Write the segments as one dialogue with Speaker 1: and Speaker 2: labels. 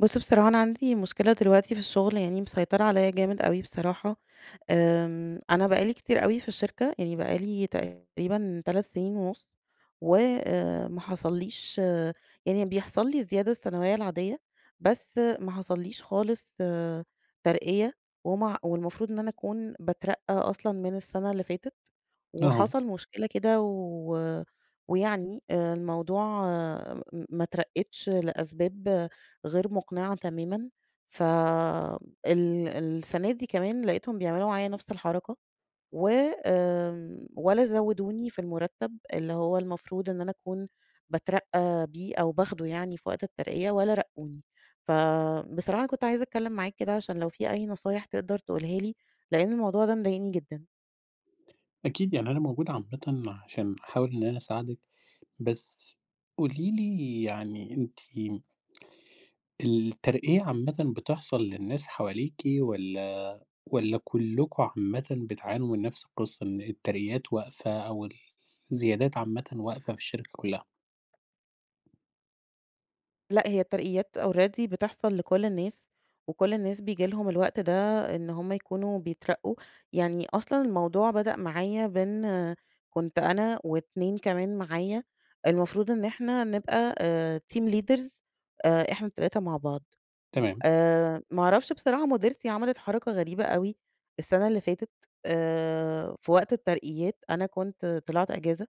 Speaker 1: بُص بصراحة أنا عندي مشكلة دلوقتي في الشغل يعني مسيطرة عليا جامد أوي بصراحة، آمم، أنا بقى لي كتير أوي في الشركة يعني بقى لي تقريبًا 3 سنين ونُص، و، آآ، ما حصليش يعني بيحصل لي الزيادة السنوية العادية، بس ما حصليش خالص ترقية ومع والمفروض إن أنا أكون باترقى أصلًا من السنة اللي فاتت.
Speaker 2: أها.
Speaker 1: وحصل مشكلة كده و ويعني آآ، الموضوع م ما اترقتش لأسباب غير مقنعة تمامًا، ف ال السنة دي كمان لقيتهم بيعملوا معايّا نفْس الحركة، و آمم، ولا زودوني في المرتب اللي هو المفروض إن أنا أكون باترقى بيه أو باخده يعني في وقت الترقية ولا رقوني. فبصراحة كنت عايزة أتكلم معاك كده، عشان لو في أي نصايح تقدر تقولها لي، لأن الموضوع ده مضايقني جدًا.
Speaker 2: أكيد، يعني أنا موجود عامةً عشان أحاول إن أنا أساعدِك، بس قولي لي يعني أنتِ الترقية عامةً بتحصل للناس حواليكِ والّا والّا كلكم عامةً بتعانوا من نفس القصة، إن الترقيات واقفة أو ال الزيادات عامةً واقفة في الشركة كلها؟
Speaker 1: لأ، هي الترقيات already بتحصل لكل الناس، وكل الناس بييجي لهم الوقت ده إن هم يكونوا بيترقّوا. يعني أصلًا الموضوع بدأ معايا بإن كنت أنا و2 كمان معايا، المفروض إن إحنا نبقى أ team leaders آآ، إحنا ال3 مع بعض.
Speaker 2: تمام.
Speaker 1: آآ ما أعرفش بصراحة مُديرتي عملت حركة غريبة أوي السنة اللي فاتت، آآ في وقت الترقيات أنا كنت طلعت أجازة،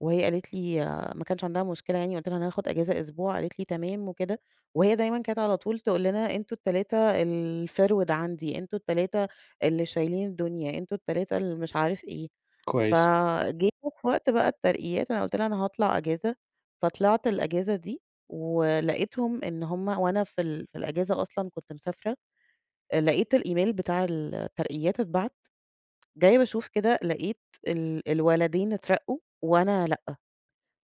Speaker 1: وهي قالت لي ما كانش عندها مشكلة يعني قُلت لها: "أنا هاخد أجازة أسبوع." قالت لي: "تمام،" وكده. وهي دايمًا كانت على طول تقول لنا أنتم ال3 الفِرْوِد عندي، أنتم ال3 اللي شايلين الدنيا، أنتم ال3 اللي مش عارف إيه.
Speaker 2: كويس.
Speaker 1: فجيتوا في وقت بقى الترقيات، أنا قُلت لها: "أنا هاطلع أجازة." فطلعت الأجازة دي ولقيتهم إن هم وأنا في ال في الأجازة أصلًا كنت مسافرة، أ لقيت الإيميل بتاع الترقيات اتبعت، جاية باشوف كده لقيت ال الولدين اترقّوا وأنا لأ.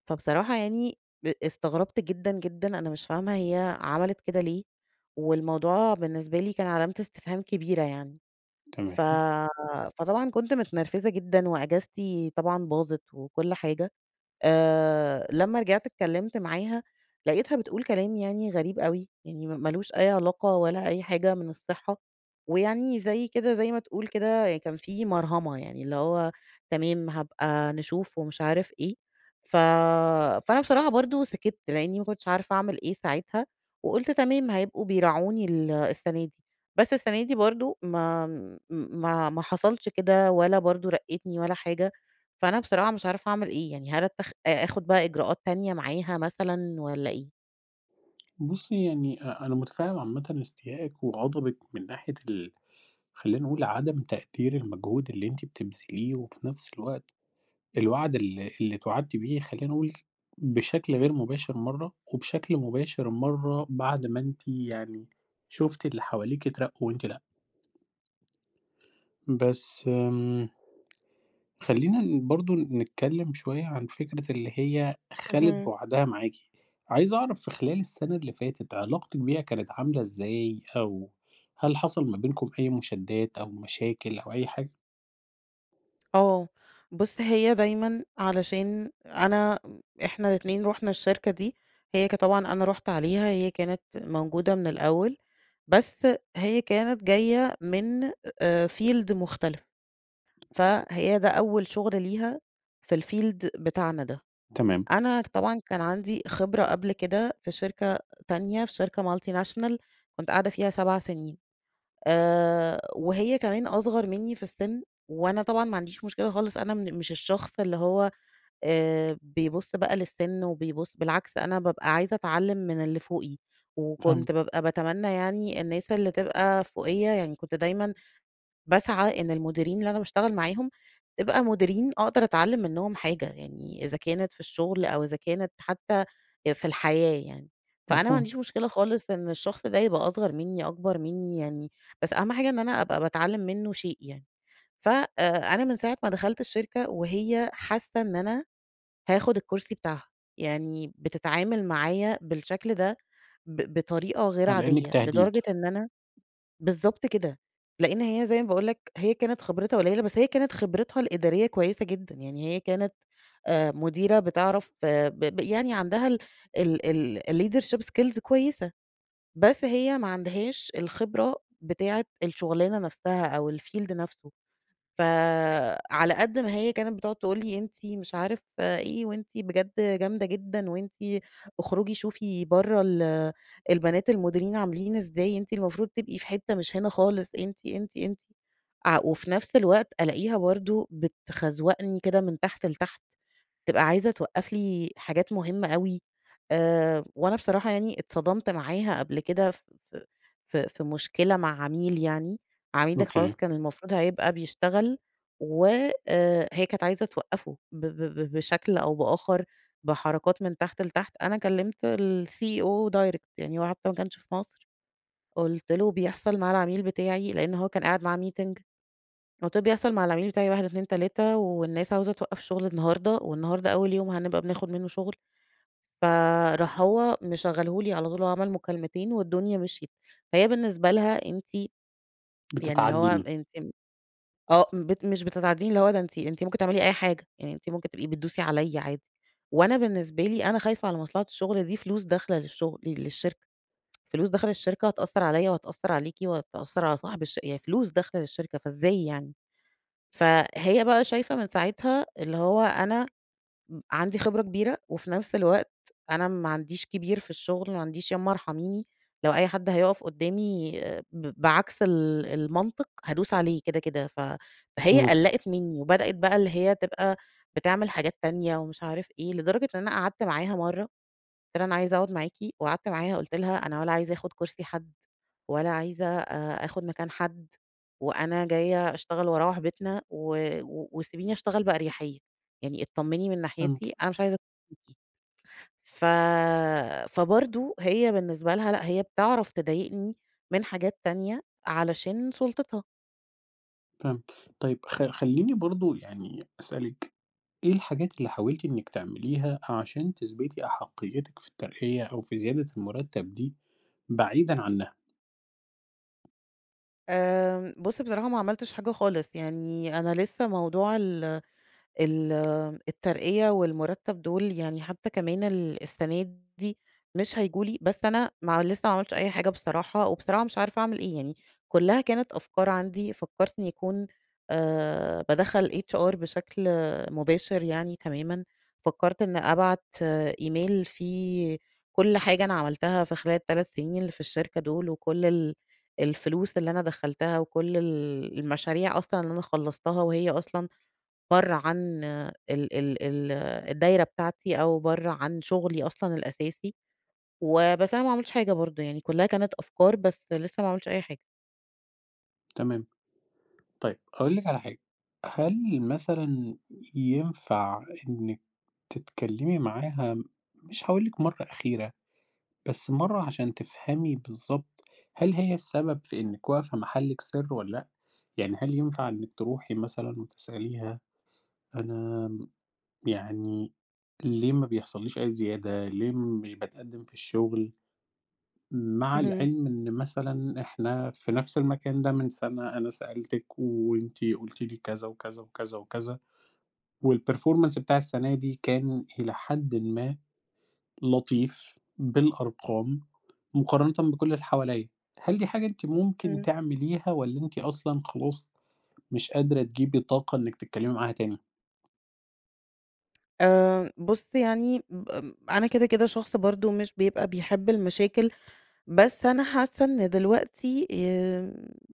Speaker 1: فبصراحة يعني ب استغربت جدًا، جدًا، أنا مش فاهمة هي عملت كده ليه؟ والموضوع بالنسبة لي كان علامة استفهام كبيرة يعني. ف
Speaker 2: تمام.
Speaker 1: فطبعًا كنت متنرفزة جدًا وأجازتي طبعًا باظت وكل حاجة. آآ، لمّا رجعت اتكلّمت معاها، لقيتها بتقول كلام يعني غريب أوي، يعني مالوش أي علاقة ولا أي حاجة من الصحة. ويعني زي كده زي ما تقول كده كان في مَرهَمة، يعني اللي هو "تمام هابقى نشوف" ومش عارف إيه. ف فأنا بصراحة برضه سِكِت لإنّي ما كنتش عارفة أعمل إيه ساعتها وقُلت تمام هيبقوا بيراعوني ال السَنة دي. بس السَنة دي برضه ما م ما ما حصلش كده ولا برضه رقّتني ولا حاجة. فأنا بصراحة مش عارفة أعمل إيه؟ يعني هل اتخ أ آخُد بقى إجراءات تانية معاها مثلًا والّا إيه؟
Speaker 2: بُصّي يعني أ أنا مُتفهم عامةً إستيائِك وغضبِك من ناحية ال خلّيني أقول عدم تقدير المجهود اللي أنتِ بتبذليه وفي نفس الوقت الوعد ال اللي إتوعدتِ بيه، خلّيني أقول، بشكل غير مباشر مَرّة، وبشكل مباشر مَرّة بعد ما أنتِ يعني، شُفتِ اللي حواليكِ أترقوا وأنتِ لأ. بس آمم، خلّينا ن برضه نتكلّم شوية عن فكرة اللي هي خَلِت
Speaker 1: اهم.
Speaker 2: بوعدها معاكِ، عايز أعرف في خلال السنة اللي فاتت، علاقتِك بيها كانت عاملة إزاي؟ أو هل حصل ما بينكم أي مشادّات أو مشاكل أو أي حاجة؟
Speaker 1: آه، بُص هي دايمًا علشان أنا إحنا الإتنين رُحنا الشركة دي، هي ك طبعًا أنا رُحت عليها، هي كانت موجودة من الأول، بس هي كانت جاية من آآ field مختلف، فهي ده أول شغل ليها في الfield بتاعنا ده.
Speaker 2: تمام.
Speaker 1: أنا طبعًا كان عندي خبرة قبل كده في شركة تانية، في شركة multinational، كنت قاعدة فيها 7 سنين، آآ وهي كمان أصغر مني في السن، وأنا طبعًا ما عنديش مشكلة خالص أنا من مش الشخص اللي هو، آآ، بيبُص بقى للسن وبيبُص بالعكس أنا بابقى عايزة أتعلم من اللي فوقي،
Speaker 2: فاهمِك.
Speaker 1: وكنت بابقى باتمنى يعني الناس اللي تبقى فوقيّا يعني كنت دايمًا باسعى إن المديرين اللي أنا باشتغل معاهم، تبقى مديرين أقدر أتعلّم منهم حاجة، يعني إذا كانت في الشغل أو إذا كانت حتّى آآ، في الحياة يعني. فأنا ما
Speaker 2: مفهوم.
Speaker 1: عنديش مشكلة خالص إن الشخص ده يبقى أصغر مني، أكبر مني يعني، بس أهم حاجة إن أنا أبقى باتعلم منه شيء يعني. ف آآ، أنا من ساعة ما دخلت الشركة وهي حاسّة إن أنا هاخد الكرسي بتاعها، يعني بتتعامل معايا بالشكل ده، ب بطريقة غير
Speaker 2: آه، لإنِك
Speaker 1: عادية،
Speaker 2: تهديد.
Speaker 1: لدرجة إن أنا بالضبط كده، لإن هي زي ما باقول لَك هي كانت خبرتها قُليّلة بس هي كانت خبرتها الإدارية كويسة جدًا، يعني هي كانت آآ مديرة بتعرف ب ب يعني عندها ال ال الleadership skills كويسة، بس هي ما عندهاش الخبرة بتاعة الشغلانة نفْسها أو الfield نفْسه. فعلى قد ما هي كانت بتقعد تقول لي أنتِ مش عارف إيه، وأنتِ بجد جامدة جدًا، وأنتِ أخرجي شوفي برّه ال البنات المُديرين عاملين إزاي، أنتِ المفروض تبقي في حتّة مش هنا خالص، أنتِ، أنتِ، أنتِ ع وفي نفْس الوقت ألاقيها برضه بتخزوَقني كده من تحت لتحت، تبقى عايزة توقّف لي حاجات مهمّة أوي. آآ وأنا بصراحة يعني أتصدمت معاها قبل كده ف ف ف في مشكلة مع عميل يعني، العميل ده خلاص
Speaker 2: أوكي.
Speaker 1: كان المفروض هيبقى بيشتغل، و آآ، هي كانت عايزة توقّفه ب ب بشكل أو بآخر، بحركات من تحت لتحت، أنا كلّمت الCEO direct يعني هو حتّى ماكانش في مصر، قُلت له: "بيحصل مع العميل بتاعي" لإن هو كان قاعد معاه meeting، فقُلت له: "بيحصل مع العميل بتاعي 1، 2، 3 والناس عاوزة توقّف شغل النهارده، والنهارده أول يوم هنبقى بناخد منه شغل." فراح هو مشغله لي على طول وعمل مكالمتين والدنيا مشْيت. فهي بالنسبة لها أنتِ يعني اللي هو
Speaker 2: بتتعدّيني.
Speaker 1: ان تم آه، بت مش بتتعدّيني اللي هو ده أنتِ أنتِ ممكن تعملي أي حاجة، يعني أنتِ ممكن تبقي بتدوسي عليّا عادي، وأنا بالنسبة لي أنا خايفة على مصلحة الشغل دي فلوس داخلة للشغل للشركة، فلوس داخلة للشركة هتأثّر عليّا وهتأثّر عليكِ وهتأثّر على صاحب الش يعني فلوس داخلة للشركة، فإزاي يعني! فهي بقى شايفة من ساعتها اللي هو أنا م عندي خبرة كبيرة، وفي نفْس الوقت أنا ما عنديش كبير في الشغل، ما عنديش يامّا أرحميني، لو أي حد هيُقف قدّامي ب بعكس ال المنطق، هادوس عليه كده، كده، ف فهي
Speaker 2: إمم.
Speaker 1: قلّقِت مني وبدأت بقى اللي هي تبقى بتعمل حاجات تانية ومش عارف إيه. لدرجة إن أنا قعدت معاها مَرّة، قُلت لها: "أنا عايزة أقعد معاكِ." وقعدت معاها قُلت لها: "أنا ولا عايزة آخد كرسي حد، ولا عايزة آآ، آخد مكان حد، وأنا جاية أشتغل وأروّح بيتنا، و و وسيبيني أشتغل بأريحيّة، يعني أتطمّني من
Speaker 2: يمكن.
Speaker 1: ناحيتي، أنا مش عايزة" [unintelligible] ف فبرضه هي بالنسبة لها لأ، هي بتعرف تضايقني من حاجات تانية علشان سُلطتها.
Speaker 2: فهمت. طيب، خ خلّيني برضه يعني أسألِك، إيه الحاجات اللي حاولتِ إنّك تعمليها عشان تثبتي أحقيِّتِك في الترقية أو في زيادة المُرتَّب دي بعيدًا عنّها؟
Speaker 1: آمم، بُص بصراحة ما عملتش حاجة خالص. يعني أنا لسّه موضوع ال ال الترقية والمُرتَّب دول يعني حتّى كمان السَنة دي مش هييجوا لي، بس أنا ما لسّه ما عملتش أي حاجة بصراحة وبصراحة مش عارفة أعمل إيه؟ يعني كُلّها كانت أفكار عندي، فكّرت إن يكون أ بادخّل HR بشكل مباشر يعني تمامًا. فكّرت إن أبعت إيميل فيه كل حاجة أنا عملتها في خلال ال3 سنين اللي في الشركة دول وكل ال الفلوس اللي أنا دخّلتها وكل ال المشاريع أصلًا اللي أنا خلّصتها وهي أصلًا برّه عن ال ال ال الدايرة بتاعتي أو برّه عن شغلي أصلًا الأساسي. وبس، أنا ما عملتش حاجة برضه يعني، كُلّها كانت أفكار، بس لسّه ما عملتش أي حاجة.
Speaker 2: تمام. طيب، هأقول لِك على حاجة. هل مثلًا ينفع إنِّك تتكلّمي معاها مش هاقول لِك مرّة أخيرة، بس مرّة عشان تفهمي بالضبط هل هي السبب في إنِّك واقفة محلِك سر والّا لأ؟ يعني هل ينفع إنِّك تروحي مثلًا وتسأليها، أنا يعني ليه ما بيحصلّيش أي زيادة، ليه مش باتقدّم في الشغل؟ مع
Speaker 1: اهم.
Speaker 2: العلم إن مثلًا إحنا في نفس المكان ده من سَنة، أنا سألتِك وأنتِ قُلتِ لي كذا، وكذا، وكذا، وكذا. والperformance بتاع السَنة دي، كان إلى حدٍ ما لطيف بالأرقام مقارنةً بكل اللي حواليّا. هل دي حاجة أنتِ ممكن
Speaker 1: إمم.
Speaker 2: تعمليها والّا أنتِ أصلًا خلاص مش قادرة تجيبي طاقة إنِّك تتكلّمي معاها تاني؟
Speaker 1: آمم بُص يعني ب ام أنا كده، كده شخص برضه مش بيبقى بيحب المشاكل، بس أنا حاسّة إن دلوقتي آمم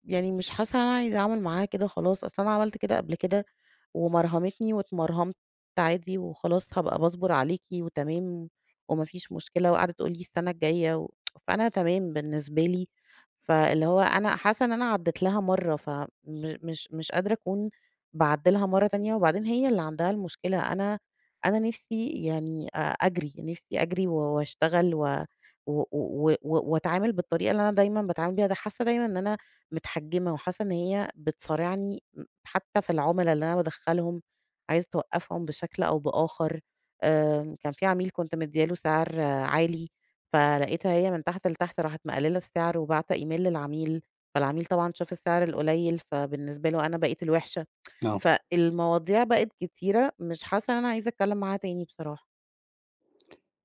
Speaker 1: يعني مش حاسّة إن أنا عايزة أعمل معاها كده خلاص. أصل أنا عملت كده قبل كده ومرهمتني، واتمرهمت عادي وخلاص هابقى باصبر عليكِ وتمام، وما فيش مشكلة، وقاعدة تقول لي السنة الجاية و فأنا تمام بالنسبة لي. فاللي هو أنا حاسّة إن أنا عدّيت لها مرّة فمش مش قادرة أكون باعدّي لها مرّة تانية، وبعدين هي اللي عندها المشكلة. أنا أنا نفسي يعني أ أجري. نفسي أجري و واشتغل و و و وأتعامل بالطريقة اللي أنا دايمًا باتعامل بيها. ده حاسّة دايمًا إن أنا مِتحَجِّمة، وحاسّة إن هي بتصارعني م حتّى في العملا اللي أنا بادخّلهم عايزة توقّفهم بشكل أو بآخر. آآ كان في عميل كنت مدّية له سعر عالي، فلقيتها هي من تحت لتحت راحت مقلّلة السعر، وباعتة إيميل للعميل. فالعميل طبعًا شاف السعر القليل فبالنسبة له أنا بقيت الوحشة.
Speaker 2: نعم.
Speaker 1: فالمواضيع بقت كتيرة، مش حاسّة إن أنا عايزة أتكلّم معاها تاني بصراحة.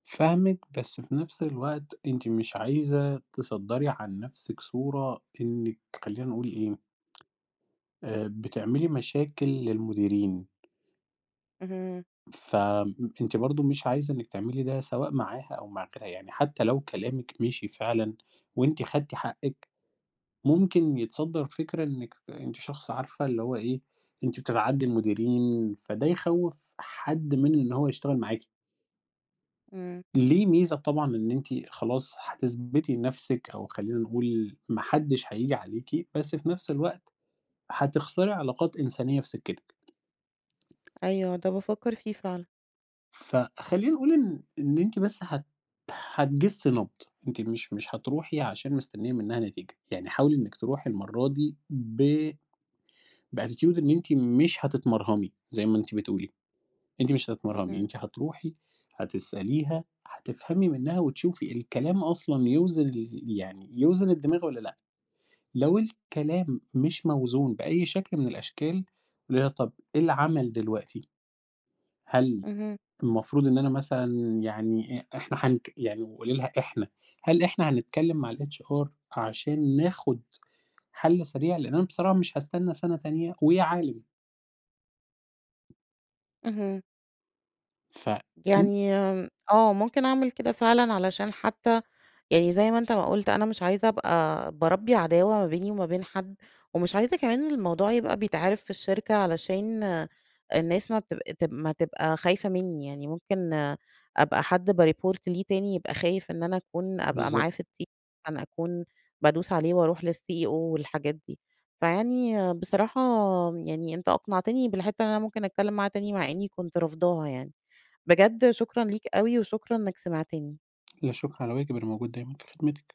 Speaker 2: فاهمِك، بس في نفس الوقت أنتِ مش عايزة تصدَّري عن نفسِك صورة إنِّك خلّينا نقول إيه آآ، بتعملي مشاكل للمديرين.
Speaker 1: اهم.
Speaker 2: فم أنتِ برضه مش عايزة إنِّك تعملي ده سواء معاها أو مع غيرها، يعني حتّى لو كلامِك مِشِي فعلًا وأنتِ خدتي حقِّك، ممكن يتصدّر فكرة إنِّك أنتِ شخص عارفة اللي هو إيه، أنتِ بتتعدّي المديرين، فده يخوّف حد من إن هو يشتغل معاكِ.
Speaker 1: إمم.
Speaker 2: ليه ميزة طبعًا إن أنتِ خلاص هتثبتي نفسِك أو خلّينا نقول ما حدّش هييجي عليكِ، بس في نفس الوقت هتخسري علاقات إنسانيّة في سكتِك.
Speaker 1: أيوه، ده بافكّر فيه فعلًا.
Speaker 2: فخلّينا نقول إن إن أنتِ بس هت هتجِسي نَبْض، أنتِ مش مش هتروحي عشان مستنيّة منها نتيجة، يعني حاولي إنِّك تروحي المرّة دي ب بattitude إن أنتِ مش هتتمرهمي، زي ما أنتِ بتقولي، أنتِ مش هتتمرهمي،
Speaker 1: اهم.
Speaker 2: أنتِ هتروحي، هتسأليها، هتفهمي منها، وتشوفي الكلام أصلًا يوزن يعني يوزن الدماغ والّا لأ؟ لو الكلام مش موزون بأي شكل من الأشكال، قولي لها طب إيه العمل دلوقتي؟ هل
Speaker 1: اهم.
Speaker 2: المفروض إن أنا مثلًا يعني أ إحنا حنك يعني قوليلها إحنا هل إحنا هنتكلّم مع الHR عشان ناخد حل سريع؟ لإن أنا بصراحة مش هاستنى سنة تانية ويا عالم.
Speaker 1: اهم.
Speaker 2: ف ان
Speaker 1: يعني م آه، ممكن أعمل كده فعلًا علشان حتّى يعني زي ما أنت ما قُلت، أنا مش عايزة أبقى باربّي عداوة ما بيني وما بين حد. ومش عايزة كمان الموضوع يبقى بيتعرف في الشركة علشان الناس ما تب تب ما تبقى خايفة منّي، يعني ممكن أبقى حد بيreport ليه تاني، يبقى خايف إن أنا أكون أبقى معاه
Speaker 2: بالضبط.
Speaker 1: في الت أكون بادوس عليه وأروح للCEO والحاجات دي. فيعني بصراحة يعني أنت أقنعتني بالحتّة إن أنا ممكن أتكلّم معاه تاني، مع إنّي كنت رافضاها يعني. بجد شكرًا ليك أوي، وشكرًا إنّك سمعتني.
Speaker 2: لا شكر على واجب، أنا موجود دايمًا في خدمتِك.